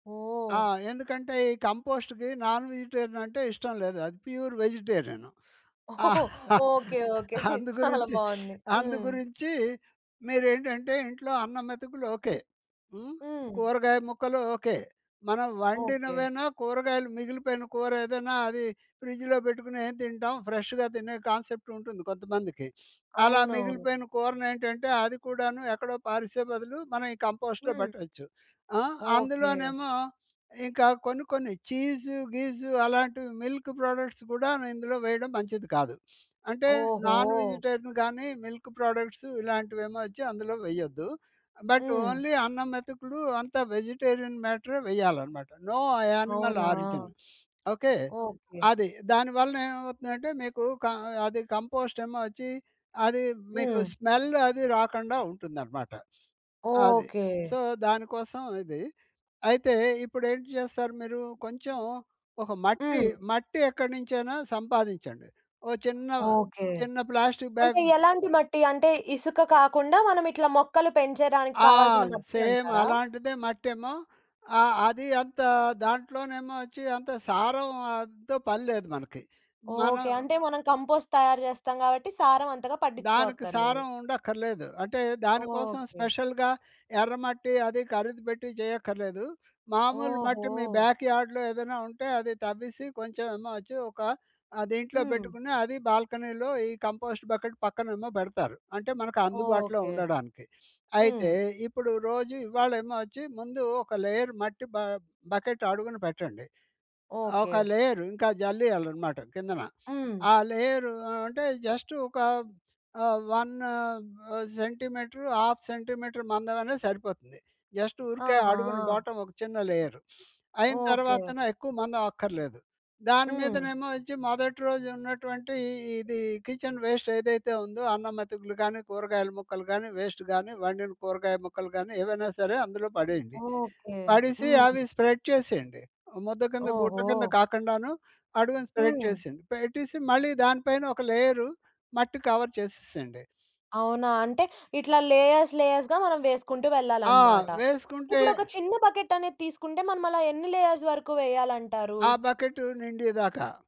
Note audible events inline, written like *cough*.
ఆ! ఓహ్! ఎందుకంటే, ఈ కంపోస్ట్‌కి నాన్ విజిటేరియన్ అంటే ఇష్టం లేదు. అది ప్యూర్ వెజిటేరియను ఓహో! *chuckles* Okay, okay. చాలా అందుగురించి, బాగుంది. హ్మ్. అందుగురించీ మీరేంటంటే ఇంట్లో అన్నం మెతుకులు ఓకే. హ్మ్. హ్మ్. కూరగాయ ముక్కలు ఓకే. మనం ఓకే. వండినవేనా కూరగాయలు మిగిలిపోయిన కూరేదేనా అది ఫ్రిజ్‌లో పెట్టుకొని ఏం తింటాం, ఫ్రెష్‌గా తినే కాన్సెప్ట్ ఉంటుంది కొంతమందికి. అలా అవునవును. మిగిలిపోయిన కూరనేంటంటే, అది కూడాను ఎక్కడో పారీసే బదులు, మనం ఈ కంపోస్ట్‌లో హ్మ్. పెట్టచ్చు. ఆ! ఓకే. అందులోనేమో, ఇంక కొన్ని కొన్ని ఛీస్ గీసు అలాంటివి మిల్కు ప్రొడక్ట్స్ కూడా ఇందులో వేయడం మంచిది కాదు. అంటే, నాన్ ఓహో! విజిటేరియన్ గాని మిల్క్ ప్రొడక్ట్సు ఇలాంటివేమో వచ్చి అందులో వెయ్యొద్దు. బట్ హ్మ్. ఓన్లీ అన్నం మెతుకులు అంతా వెజిటేరియన్ మ్యాటరే వెయ్యాలనమాట. నో అ యానిమల్ అవునా? ఆరిజన్. ఓకే. ఓకే. అది. దాని వలన ఏవవుతుందంటే, మీకు క అ అది కంపోస్ట్ ఏమో వచ్చి, అది మీకు హ్మ్. స్మెల్ అదీ రాకుండా ఉంటుందనమాట. అది. ఓకే. సో, దాని కోసం ఇది. అయితే, ఇప్పుడేంటి చేస్తారు మీరు! కొంచెం ఒక మట్టి, హ్మ్. మట్టి ఎక్కడినించైనా సంపాదించండి. ఓ చిన్న, ఓకే. చిన్న ప్లాస్టిక్ అంటే బ్యాగ్ ఎలాంటి మట్టి? అంటే ఇసుక కాకుండా, మనమిట్లా మొక్కలు పెంచడానికి ఆ! కావాల్సిన మట్టి సేమ్ అంటారా? అలాంటిదే మట్టేమో ఆహ్, అది అంత దాంట్లోనేమో వచ్చి అంత సారం ఆన్ తో పని లేదు మనకి. మనం ఓకే. అంటే మనం కంపోస్ట్ తయారు చేస్తాం కాబట్టి, సారం అంతగా దానికి పట్టించుకోవక్కర్లేదు. సారం ఉండక్కరలేదు. అంటే, దాని కోసం ఓకే. స్పెషల్‌గా ఎర్రమట్టి అది కరీదు పెట్టి చేయక్కరలేదు. మామూలు మట్టి మీ ఓహో! బ్యాక్ యార్డ్‌లో ఏదేనా ఉంటే, అది తవ్వీసి, కొంచెం ఏమో వచ్చి ఒక ఆహ్, దీంట్లో హ్మ్. పెట్టుకుని, అది బాల్కనీలో ఈ కంపోస్ట్ బకెట్ పక్కనేమో బెడతారు. అంటే, మనకందుబాటులో ఓకే. ఉండడానికి. హ్మ్. అయితే, ఇప్పుడు రోజూ ఇవ్వాళేమో వచ్చి, ముందు ఒక లేయర్ మట్టి బ బకెట్ అడుగున పెట్టండి. ఆహ్, ఓకే. ఒక లేయరు ఇంకా జల్లీయాలనమాట కిందన. హ్మ్. ఆ లేయరు అ అంటే, జస్ట్ ఒక ఆహ్, 1 ఆహ్, సెంటీమీటరు, ఆఫ్ సెంటీమీటరు మందం అనేది సరిపోతుంది. జస్ట్ ఊరికే అడుగున ఆహా! బోటమ్ ఒక చిన్న లేయరు. *sniffs* అయిన ఓకే. తరవాతన, ఎక్కువ మందం అక్కర్లేదు. దాని హ్మ్. మీదనేమో వచ్చి, మొదటి రోజున్నటువంటి ఇది కిచెన్ వేస్ట్ ఏదైతే ఉందో, అన్నం మెతుకులు కానీ, కూరగాయల ముక్కలు కానీ, వేస్ట్ కానీ, వండిన కూరగాయ ముక్కలు కానీ, ఏవేనా సరే, అందులో పడేయండి. ఓకే. పడీసి హ్మ్. అవి స్ప్రెడ్ చేసేయండి. ముద్ద కింద గుట్ట కింద ఓహో! కాకుండాను, అడుగున స్ప్రెడ్ హ్మ్. చేసేయండి. పెట్టీసి, మళ్ళి దాని పైన ఒక లేయరు మట్టి కవర్ చేసేసేయండి. అవునా? అంటే, ఇట్లా లేయర్స్, లేయర్స్‌గా మనం వేసుకుంటూ ఆ! వెళ్ళాలన్నమాట. వేసుకుంటే ఇప్పుడొక చిన్న బకెట్ అనేది తీసుకుంటే, మనమలా ఎన్ని లేయర్స్ వరకు వేయాలంటారు? ఆ బకెట్ నిండీ దాక.